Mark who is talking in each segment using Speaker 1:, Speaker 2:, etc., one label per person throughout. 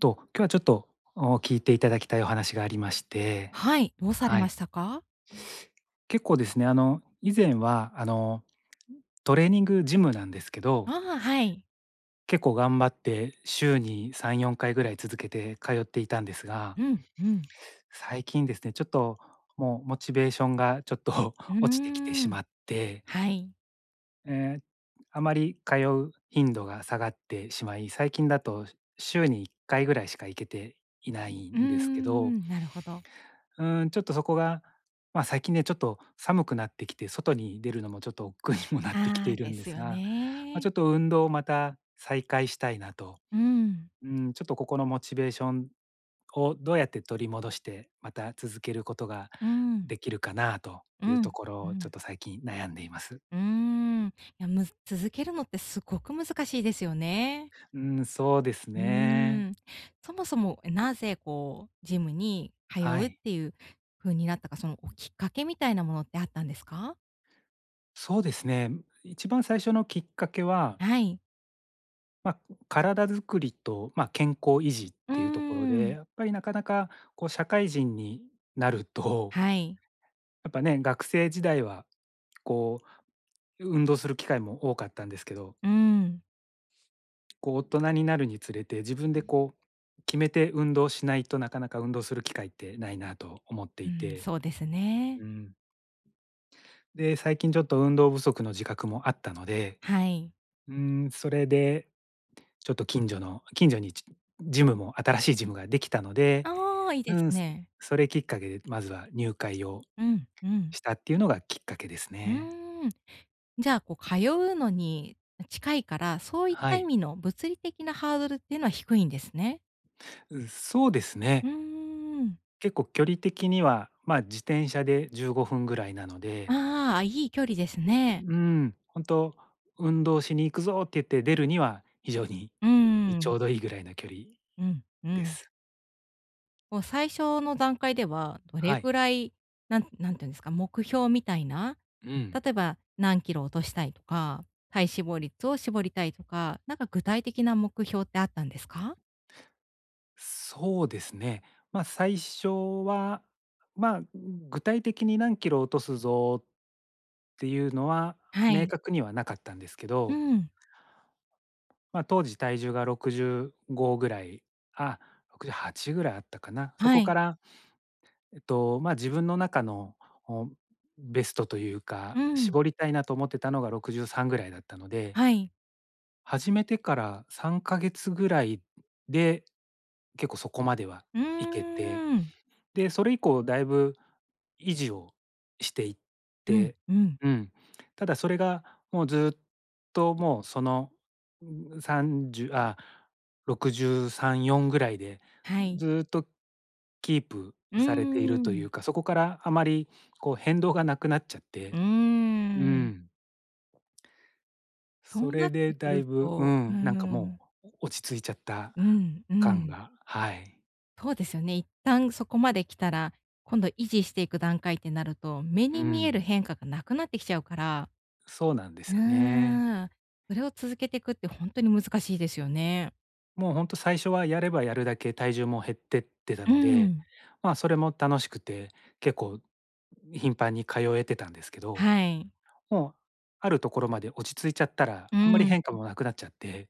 Speaker 1: と、今日はちょっと、お、聞いて頂きたいお話がありまして、
Speaker 2: はい、どうされ
Speaker 1: は
Speaker 2: ま
Speaker 1: い。
Speaker 2: したか？
Speaker 1: 結構ですね、あの、以前は、あの、トレーニングジムなんですけど
Speaker 2: ああ、はい。
Speaker 1: 結構頑張って週に3、4回ぐらい続けて通っていたんですが
Speaker 2: うん、うん。
Speaker 1: 最近ですね、ちょっともう、モチベーションがちょっと
Speaker 2: うー
Speaker 1: 落ちてきてし
Speaker 2: ん、
Speaker 1: まって
Speaker 2: はい。
Speaker 1: ええ、あまり通う頻度が下がってしまい、最近だと週に1回ぐらいしか行けていない
Speaker 2: うー
Speaker 1: んですけど
Speaker 2: ん、なるほど。
Speaker 1: うーん、ちょっとそこが、ま、最近ね、ちょっと寒くなってきて外に出るのもちょっと億劫にもなってきて
Speaker 2: あ
Speaker 1: い
Speaker 2: あ、
Speaker 1: る
Speaker 2: で
Speaker 1: んで
Speaker 2: す
Speaker 1: す
Speaker 2: よ
Speaker 1: が、まあ、
Speaker 2: ね。
Speaker 1: ちょっと運動をまた再開したいなと。
Speaker 2: うん。
Speaker 1: うん、ちょっとここのモチベーションをどうやって取り戻して、また、続けることが
Speaker 2: うん。
Speaker 1: できるかなと
Speaker 2: う
Speaker 1: いうと
Speaker 2: ん、
Speaker 1: ころ
Speaker 2: う
Speaker 1: を、ちょっ
Speaker 2: ん。
Speaker 1: と最近悩んでいます。
Speaker 2: うーん、いやむ続けるのってすごく難しいですよね。
Speaker 1: うん、そうです
Speaker 2: う
Speaker 1: ね。
Speaker 2: ーん。そもそも、え、なぜこう、ジムに通
Speaker 1: は
Speaker 2: うっ
Speaker 1: い。
Speaker 2: ていうふうになったか、その、おきっかけみたいなものってあったんですか？
Speaker 1: そうですね、ん、一番最初のきっかけは
Speaker 2: はい。
Speaker 1: ま、体づくりと、ま、健康維持っ
Speaker 2: うー
Speaker 1: ていうところで、
Speaker 2: ん。
Speaker 1: やっぱりなかなかこう社会人になると
Speaker 2: はい。
Speaker 1: やっぱね、学生時代は、こう運動する機会も多かったんですけど
Speaker 2: うーん。
Speaker 1: こう、大人になるにつれて、自分で、こう、決めて運動しないと、なかなか運動する機会ってないなと思って
Speaker 2: う
Speaker 1: い
Speaker 2: ん、
Speaker 1: て、
Speaker 2: そうですね。
Speaker 1: うん。で、最近ちょっと運動不足の自覚もあったので、
Speaker 2: はい。
Speaker 1: うーん、それで、ちょっと近所の、近所に、ちジムも新しいジムができたので、
Speaker 2: ああ、いいで
Speaker 1: う
Speaker 2: す
Speaker 1: ん、
Speaker 2: ね。
Speaker 1: それきっかけで、まずは入会を
Speaker 2: うん、うん。
Speaker 1: したっていうのがきっかけです
Speaker 2: う
Speaker 1: ね。
Speaker 2: ーん。じゃあ、こう通うのに近いから、そういっ
Speaker 1: は
Speaker 2: た意
Speaker 1: い。
Speaker 2: 味の物理的なハードルっていうのは低いんですね。
Speaker 1: う、そうですね。
Speaker 2: うーん。
Speaker 1: 結構距離的には、ま、自転車で15分ぐらいなので。
Speaker 2: ああ、いい距離ですね。
Speaker 1: うん、本当「運動しに行くぞ！」って言って出るには、非常に、
Speaker 2: う
Speaker 1: い
Speaker 2: ー
Speaker 1: ちょ
Speaker 2: ん。
Speaker 1: うどいいぐらいの距離
Speaker 2: うん、う
Speaker 1: で
Speaker 2: ん。
Speaker 1: す。
Speaker 2: こう最初の段階では、どれ
Speaker 1: はい。
Speaker 2: くらい、なんなんていうんですか、目標みたいな、
Speaker 1: うん。
Speaker 2: 例えば、何キロ落としたいとか、体脂肪率を絞りたいとか、なんか具体的な目標ってあったんですか？
Speaker 1: そうですね。まあ、最初は、まあ、具体的に何キロ落とすぞっていうのは
Speaker 2: は
Speaker 1: 明
Speaker 2: い。
Speaker 1: 確にはなかったんですけ
Speaker 2: う
Speaker 1: ど。
Speaker 2: ん。
Speaker 1: ま、当時体重が65ぐらい、あ、68ぐらいあったかな？そ
Speaker 2: は
Speaker 1: こか
Speaker 2: い。
Speaker 1: らえっと、まあ、自分の中の、お、ベストという
Speaker 2: う
Speaker 1: か、
Speaker 2: ん。
Speaker 1: 絞りたいなと思ってたのが63ぐらいだったので。
Speaker 2: はい。
Speaker 1: 始めてから3か月ぐらいで、結構そこまでは
Speaker 2: うー
Speaker 1: いけて、
Speaker 2: ん。
Speaker 1: で、それ以降だいぶ維持をしていっ
Speaker 2: うん、
Speaker 1: て
Speaker 2: うん。
Speaker 1: うん、ただそれがもう、ずっともう、その、う30あ、63、4ぐらいで、
Speaker 2: はい。
Speaker 1: ずっとキープ
Speaker 2: うー
Speaker 1: されているという
Speaker 2: ん。
Speaker 1: か、そこからあまりこう変動がなくなっちゃっ
Speaker 2: う
Speaker 1: て、
Speaker 2: ー
Speaker 1: う
Speaker 2: ん。
Speaker 1: ん。
Speaker 2: そ
Speaker 1: そ
Speaker 2: うな
Speaker 1: れ
Speaker 2: っ
Speaker 1: で
Speaker 2: てく
Speaker 1: だ
Speaker 2: る
Speaker 1: いぶう
Speaker 2: とう
Speaker 1: ん、なんかも
Speaker 2: ん。
Speaker 1: う落ち着いちゃった
Speaker 2: うん、う
Speaker 1: 感
Speaker 2: ん。
Speaker 1: がはい。
Speaker 2: そうですよね、一旦そこまで来たら、今度維持していく段階ってなると、目
Speaker 1: う
Speaker 2: に見える
Speaker 1: ん。
Speaker 2: 変化がなくなってきちゃうから。
Speaker 1: そうなんで
Speaker 2: う
Speaker 1: すよね。
Speaker 2: ーん、それを続けてくってほんとに難しいですよね。
Speaker 1: もうほんと最初はやればやるだけ体重も減ってってた
Speaker 2: う
Speaker 1: ので、
Speaker 2: ん。
Speaker 1: まあそれも楽しくて結構、ん、頻繁に通えてたんですけど、
Speaker 2: はい。
Speaker 1: もうあるところまで落ち着いちゃったら
Speaker 2: う
Speaker 1: あんまり
Speaker 2: ん
Speaker 1: 変化
Speaker 2: ん。
Speaker 1: もなくなっちゃって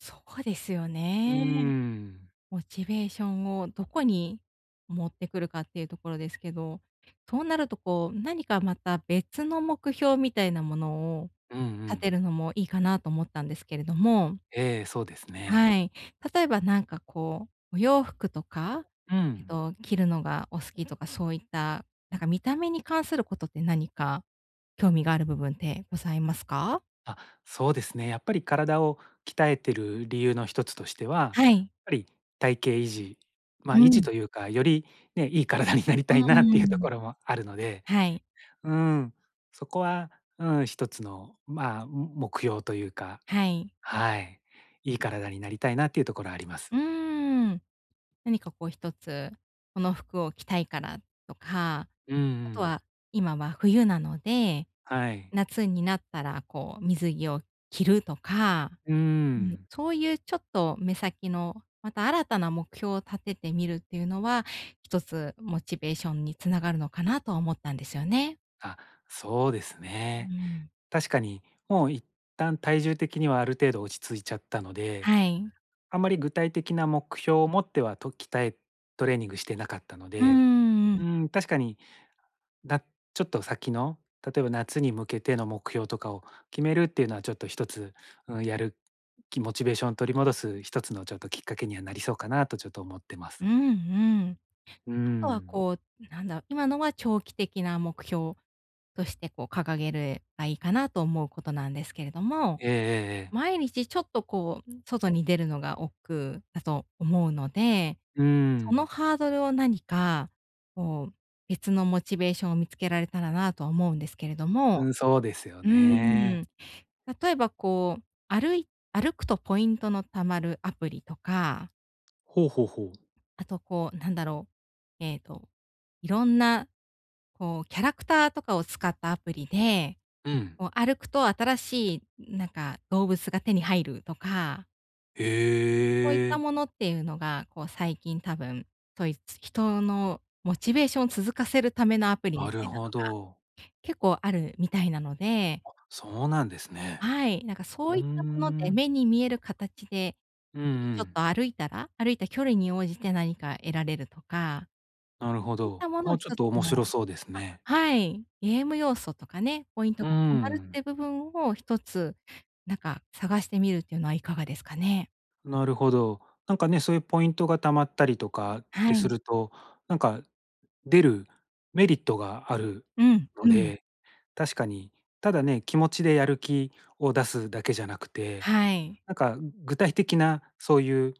Speaker 2: そうですよ
Speaker 1: うー
Speaker 2: ね。
Speaker 1: ん。
Speaker 2: モチベーションをどこに持ってくるかっていうところですけど、そうなるとこう、何かまた別の目標みたいなものを
Speaker 1: うんう
Speaker 2: 立
Speaker 1: ん。
Speaker 2: てるのもいいかなと思ったんですけれども
Speaker 1: ええ、そうですね。
Speaker 2: はい。例えばなんかこう、お洋服とか、
Speaker 1: う
Speaker 2: えっ
Speaker 1: ん。
Speaker 2: と、着るのがお好きとかそういった、なんか見た目に関することって何か興味がある部分ってございますか？
Speaker 1: あ、そうですね。やっぱり体を鍛えてる理由の一つとしては、
Speaker 2: はい。
Speaker 1: ぱり体型維持、ま、
Speaker 2: う
Speaker 1: 維持
Speaker 2: ん。
Speaker 1: というか、よりね、いい体になり
Speaker 2: う
Speaker 1: たいなって
Speaker 2: ー
Speaker 1: いうと
Speaker 2: ん。
Speaker 1: ころもあるので
Speaker 2: はい。
Speaker 1: うーん、そこは、うーん、一つのまあも目標というか
Speaker 2: はい。
Speaker 1: はい、いい体になりたいなっていうところあります。
Speaker 2: うーん、何かこう一つ、この服を着たいからとか、
Speaker 1: うんう
Speaker 2: あと
Speaker 1: ん。
Speaker 2: は今は冬なので
Speaker 1: はい。
Speaker 2: 夏になったらこう水着を着るとか
Speaker 1: うー
Speaker 2: うん、
Speaker 1: ん。
Speaker 2: そういうちょっと目先の、また新たな目標を立ててみるっていうのは、一つモチベーションに繋がるのかなと思ったんですよね。
Speaker 1: あ、そうです
Speaker 2: うー
Speaker 1: ね。
Speaker 2: ん。
Speaker 1: 確かにもう一旦体重的にはある程度落ち着いちゃったので、
Speaker 2: はい。
Speaker 1: あんまり具体的な目標を持ってはと、鍛えトレーニングしてなかったの
Speaker 2: うー
Speaker 1: で
Speaker 2: ん、う
Speaker 1: う
Speaker 2: ん。
Speaker 1: ーん、確かに、だちょっと先の、例えば夏に向けての目標とかを決めるっていうのはちょっと一つ、うん、やる気モチベーション取り戻す一つのちょっときっかけにはなりそうかなとちょっと思ってま
Speaker 2: うん
Speaker 1: す。
Speaker 2: うん。
Speaker 1: うー
Speaker 2: あとは
Speaker 1: ん。
Speaker 2: こう、ん、なんだ今のは長期的な目標としてこう掲げればいいかなと思うことなんですけれども、
Speaker 1: ええええええ。
Speaker 2: 毎日ちょっとこう、うん、外に出るのが億劫だと思うので、
Speaker 1: うー
Speaker 2: その
Speaker 1: ん。
Speaker 2: ハードルを何か、こう、別のモチベーションを見つけられたらなとは思うんですけれど
Speaker 1: う
Speaker 2: も。
Speaker 1: ん、そうですよ
Speaker 2: うー
Speaker 1: ね。
Speaker 2: ん。例えばこう、歩い歩くとポイントの貯まるアプリとか
Speaker 1: ほうほうほう。
Speaker 2: あとこう、なんだろう、えっと、色んな、こうキャラクターとかを使ったアプリで、
Speaker 1: うん。
Speaker 2: こう歩くと新しいなんか、動物が手に入るとかそういっ
Speaker 1: え
Speaker 2: た
Speaker 1: え。
Speaker 2: ものっていうのが、こう最近多分、といつ、人のモチベーションを続かせるためのアプリみ
Speaker 1: なる
Speaker 2: たいなの
Speaker 1: ほど。
Speaker 2: が、結構あるみたいなので。
Speaker 1: あ、そうなんですね。
Speaker 2: はい。なんかそ
Speaker 1: う
Speaker 2: う
Speaker 1: ー
Speaker 2: いったもので、
Speaker 1: ん。
Speaker 2: 目に見える形で、
Speaker 1: うんう
Speaker 2: 日々ちょっ
Speaker 1: ん。
Speaker 2: と歩いたら、歩いた距離に応じて何か得られるとか。
Speaker 1: なるほ
Speaker 2: そういっ
Speaker 1: ど。
Speaker 2: たものを
Speaker 1: あ、
Speaker 2: ひ
Speaker 1: ちょっ
Speaker 2: と
Speaker 1: と面白
Speaker 2: [unintelligible]
Speaker 1: そうです
Speaker 2: あ、
Speaker 1: ね。
Speaker 2: はい。ゲーム要素とかね、ポイント
Speaker 1: う
Speaker 2: が貯まるってい
Speaker 1: ん。
Speaker 2: う部分を一つ、なんか探してみるっていうのはいかがですかね？
Speaker 1: なるほど。なんかね、そういうポイントが貯まったりとかっ
Speaker 2: は
Speaker 1: てす
Speaker 2: い。
Speaker 1: ると、なんか出るメリットがある
Speaker 2: うん。
Speaker 1: の
Speaker 2: うん。
Speaker 1: で、確かに。ただね、気持ちでやる気を出すだけじゃなくて、
Speaker 2: はい。
Speaker 1: なんか具体的なそういう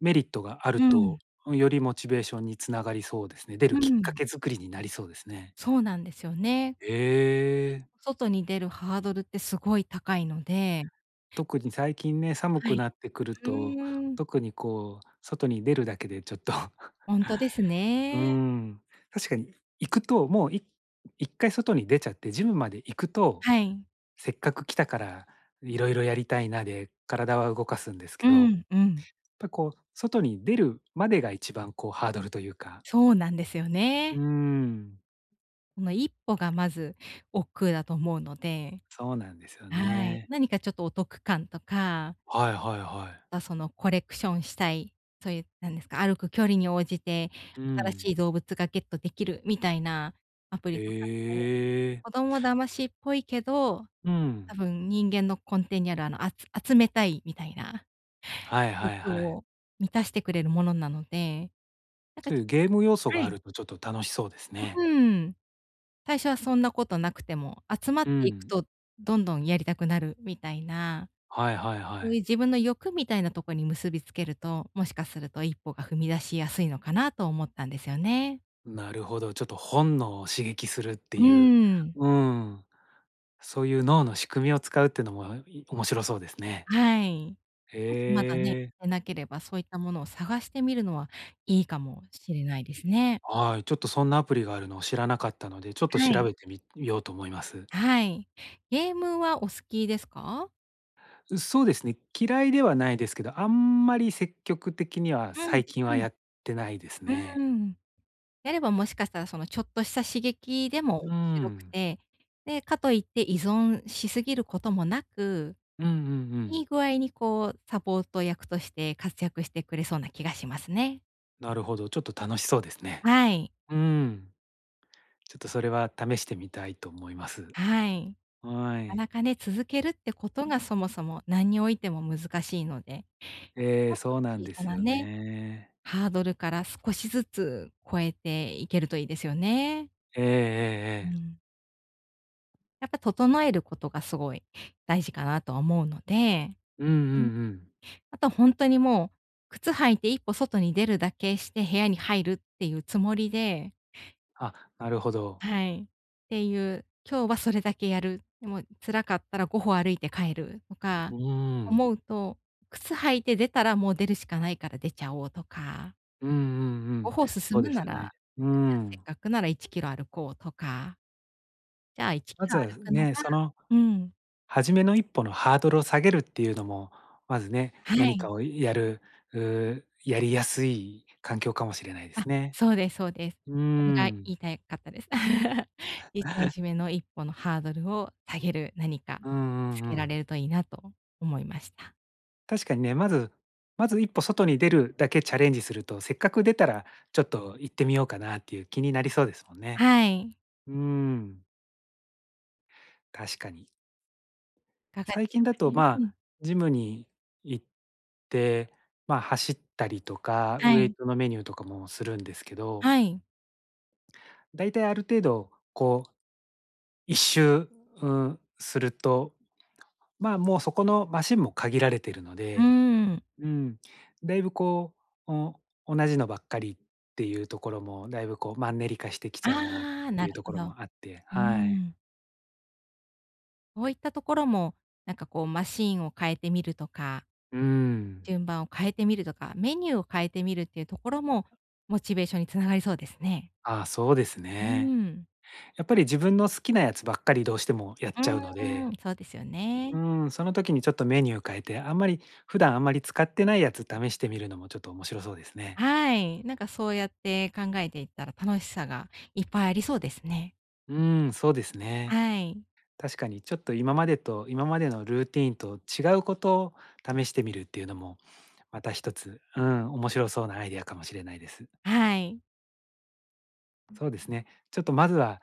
Speaker 1: メリットがある
Speaker 2: う
Speaker 1: と、
Speaker 2: ん。
Speaker 1: うん、よりモチベーションにつながりそうですね。出る
Speaker 2: う
Speaker 1: きっか
Speaker 2: ん。
Speaker 1: け作りになりそうですね。
Speaker 2: そうなんですよね。
Speaker 1: え
Speaker 2: 一
Speaker 1: え！
Speaker 2: 歩外に出るハードルってすごい高いので。
Speaker 1: 特に最近ね、寒
Speaker 2: は
Speaker 1: くな
Speaker 2: い。
Speaker 1: ってくる
Speaker 2: う
Speaker 1: と、
Speaker 2: ーん。
Speaker 1: 特にこう外に出るだけでちょっと。
Speaker 2: ほんとです
Speaker 1: うー
Speaker 2: ね。
Speaker 1: ん。確かに行くと、もうい一回外に出ちゃってジムまで行くと、
Speaker 2: はい。
Speaker 1: せっかく来たから色々やりたいなで、体は動かすんですけ
Speaker 2: う
Speaker 1: ど、やっ
Speaker 2: ん。うん。
Speaker 1: ぱこう外に出るまでが一番こうハードルというか。
Speaker 2: そうなんですよ
Speaker 1: うー
Speaker 2: ね。
Speaker 1: ん。
Speaker 2: その一歩がまず億劫だと思うので。
Speaker 1: そうなんですよ
Speaker 2: はい、
Speaker 1: ね。
Speaker 2: 何かちょっとお得感とか。
Speaker 1: はいはいはい。
Speaker 2: は、そのコレクションしたい、そういうなんですか、歩く距離に応じて
Speaker 1: う
Speaker 2: 新し
Speaker 1: ん。
Speaker 2: い動物がゲットできるみたいなアプ
Speaker 1: へ
Speaker 2: リとかって、
Speaker 1: え。
Speaker 2: 子供騙しっぽいけど、
Speaker 1: う
Speaker 2: 多
Speaker 1: ん。
Speaker 2: 分人間の根底にあるあの、あつ集めたいみたいな、
Speaker 1: はいはい
Speaker 2: 欲
Speaker 1: はい。
Speaker 2: を満たしてくれるものなので、なんか
Speaker 1: そうい
Speaker 2: ち
Speaker 1: う
Speaker 2: ょ
Speaker 1: ゲーム要素
Speaker 2: は
Speaker 1: があ
Speaker 2: い。
Speaker 1: るとちょっと楽しそうですね。
Speaker 2: ううーん、最初はそんなことなくても、集ま
Speaker 1: う
Speaker 2: っていく
Speaker 1: ん。
Speaker 2: とどんどんやりたくなるみたいな。
Speaker 1: はいはいは
Speaker 2: そう
Speaker 1: い。
Speaker 2: いう自分の欲みたいなとこに結びつけると、もしかすると一歩が踏み出しやすいのかなと思ったんですよね。
Speaker 1: なるほど、ちょっと本能を刺激するって
Speaker 2: う
Speaker 1: いう、
Speaker 2: ん。
Speaker 1: うん、そういう脳の仕組みを使うっていうのも、い面白そうですね。
Speaker 2: はい。もしまだね、
Speaker 1: へえ。
Speaker 2: てなければ、そういったものを探してみるのはいいかもしれないですね。
Speaker 1: はい、ちょっとそんなアプリがあるのを知らなかったので、ちょっと
Speaker 2: はい。
Speaker 1: 調べてみみようと思います。
Speaker 2: はい。ゲームはお好きですか？
Speaker 1: う、そうですね。嫌いではないですけど、あんまり積極的には
Speaker 2: うん、
Speaker 1: 最近は
Speaker 2: うん。
Speaker 1: やってないですね。
Speaker 2: うーん。やればもしかしたら、その、ちょっとした刺激でも
Speaker 1: う
Speaker 2: しろく
Speaker 1: ん。
Speaker 2: て、で、かといって依存しすぎることもなく、
Speaker 1: うんうんう
Speaker 2: いい
Speaker 1: ん。
Speaker 2: 具合にこう、サポート役として活躍してくれそうな気がしますね。
Speaker 1: なるほどちょっと楽しそうですね。
Speaker 2: はい。
Speaker 1: うん、ちょっとそれは試してみたいと思います。
Speaker 2: はい。
Speaker 1: は
Speaker 2: なかな
Speaker 1: い。
Speaker 2: かね、続けるってことが、そもそもなんにおいても難しいので。ち
Speaker 1: ええ、
Speaker 2: ょっと
Speaker 1: そうなん
Speaker 2: 小
Speaker 1: で
Speaker 2: さ
Speaker 1: す
Speaker 2: な
Speaker 1: よ
Speaker 2: ね、
Speaker 1: ね。
Speaker 2: ハードルから少しずつ超えていけるといいですよね。
Speaker 1: えええ
Speaker 2: う
Speaker 1: えええ。
Speaker 2: ん。やっぱ、整えることがすごい大事かなとは思うので、
Speaker 1: うんうんう
Speaker 2: うん、
Speaker 1: ん。
Speaker 2: あとほんとにもう、靴履いて一歩外に出るだけして部屋に入るっていうつもりで
Speaker 1: あ、なるほど。
Speaker 2: はい。っていう、今日はそれだけやる、でも、辛かったら5歩歩いて帰るとか、
Speaker 1: ううーん。
Speaker 2: 思うと、靴履いて出たらもう出るしかないから出ちゃおうとか。
Speaker 1: うんうんう
Speaker 2: ご
Speaker 1: ん。
Speaker 2: ほ進
Speaker 1: そう
Speaker 2: む
Speaker 1: で
Speaker 2: な
Speaker 1: す
Speaker 2: ら、
Speaker 1: ね。
Speaker 2: あ、
Speaker 1: うー
Speaker 2: じゃあせっ
Speaker 1: ん。
Speaker 2: かくなら1キロ歩こうとか。じゃあ、いち
Speaker 1: ま
Speaker 2: きろ
Speaker 1: ず
Speaker 2: 歩くのが
Speaker 1: ね、その
Speaker 2: うん。
Speaker 1: 初めの一歩のハードルを下げるっていうのも、まずね、
Speaker 2: は
Speaker 1: 何
Speaker 2: い。
Speaker 1: かをやる、う、やりやすい環境かもしれないで
Speaker 2: あ、
Speaker 1: すね。
Speaker 2: そうですそうです。
Speaker 1: うー
Speaker 2: それが
Speaker 1: ん。
Speaker 2: 言いたいかったです。いたいじ めの1歩のハードルを下げる何か
Speaker 1: うんう
Speaker 2: 見つ
Speaker 1: んう
Speaker 2: けら
Speaker 1: ん。
Speaker 2: れるといいなと思いました。
Speaker 1: 確かにね、まずまず1歩外に出るだけチャレンジすると、せっかく出たらちょっと行ってみようかなっていう気になりそうですもんね。
Speaker 2: はい。
Speaker 1: うーん。確かに。
Speaker 2: いかがで
Speaker 1: 最
Speaker 2: し
Speaker 1: 近
Speaker 2: ょう
Speaker 1: だ
Speaker 2: か
Speaker 1: と、
Speaker 2: ね。う
Speaker 1: まあ、
Speaker 2: ん。
Speaker 1: ジムに行って、まあ、走ったりとか、
Speaker 2: は
Speaker 1: ウエイ
Speaker 2: い。
Speaker 1: トのメニューとかもするんですけど
Speaker 2: はい。
Speaker 1: だいたいある程度こう1周、うすると、まあ、もうそこのマシンも限られてるの
Speaker 2: うー
Speaker 1: で
Speaker 2: ん。
Speaker 1: うん、だいぶこう、お同じのばっかりっていうところもだいぶこう、マンネリ化してきちゃうなっ
Speaker 2: ああ、
Speaker 1: て
Speaker 2: な
Speaker 1: い
Speaker 2: る
Speaker 1: うとこ
Speaker 2: ほ
Speaker 1: ろ
Speaker 2: ど。う
Speaker 1: もあって。
Speaker 2: ー
Speaker 1: はい。
Speaker 2: ん。そういったところも、なんかこうマシーンを変えてみるとか、
Speaker 1: うーん。
Speaker 2: 順番を変えてみるとか、メニューを変えてみるっていうところも、モチベーションに繋がりそうですね。
Speaker 1: あ、そうです
Speaker 2: う
Speaker 1: ね。
Speaker 2: ん。
Speaker 1: やっぱり自分の好きなやつばっかりどうしてもやっ
Speaker 2: う
Speaker 1: ちゃうの
Speaker 2: ーん、
Speaker 1: で
Speaker 2: そうですよね。
Speaker 1: うん、その時にちょっとメニューを変えて、あんまり、普段あんまり使ってないやつ試してみるのもちょっと面白そうですね。
Speaker 2: はい。なんかそうやって考えていったら、楽しさがいっぱいありそうですね。
Speaker 1: うん、そうですね。
Speaker 2: はい。
Speaker 1: 確かにちょっと今までと今までのルーティーンと違うこと、試してみるっていうのもまた一つ、うん、面白そうなアイデアかもしれないです。
Speaker 2: はい。
Speaker 1: そうですね。ちょっとまずは、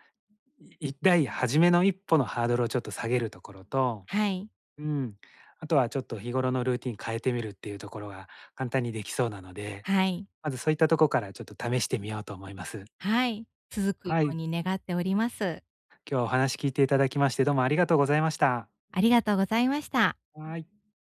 Speaker 1: いっだい、初めの一歩のハードルをちょっと下げるところと
Speaker 2: はい。
Speaker 1: うん、あとは、ちょっと日頃のルーティン変えてみるっていうところが、簡単にできそうなので、
Speaker 2: はい。
Speaker 1: まず、そういったところから、ちょっと試してみようと思います。
Speaker 2: はい、続くよ
Speaker 1: は
Speaker 2: う
Speaker 1: い。
Speaker 2: に願っております。
Speaker 1: 今日、お話聞いていただきまして、どうもありがとうございました。
Speaker 2: ありがとうございました。
Speaker 1: はい。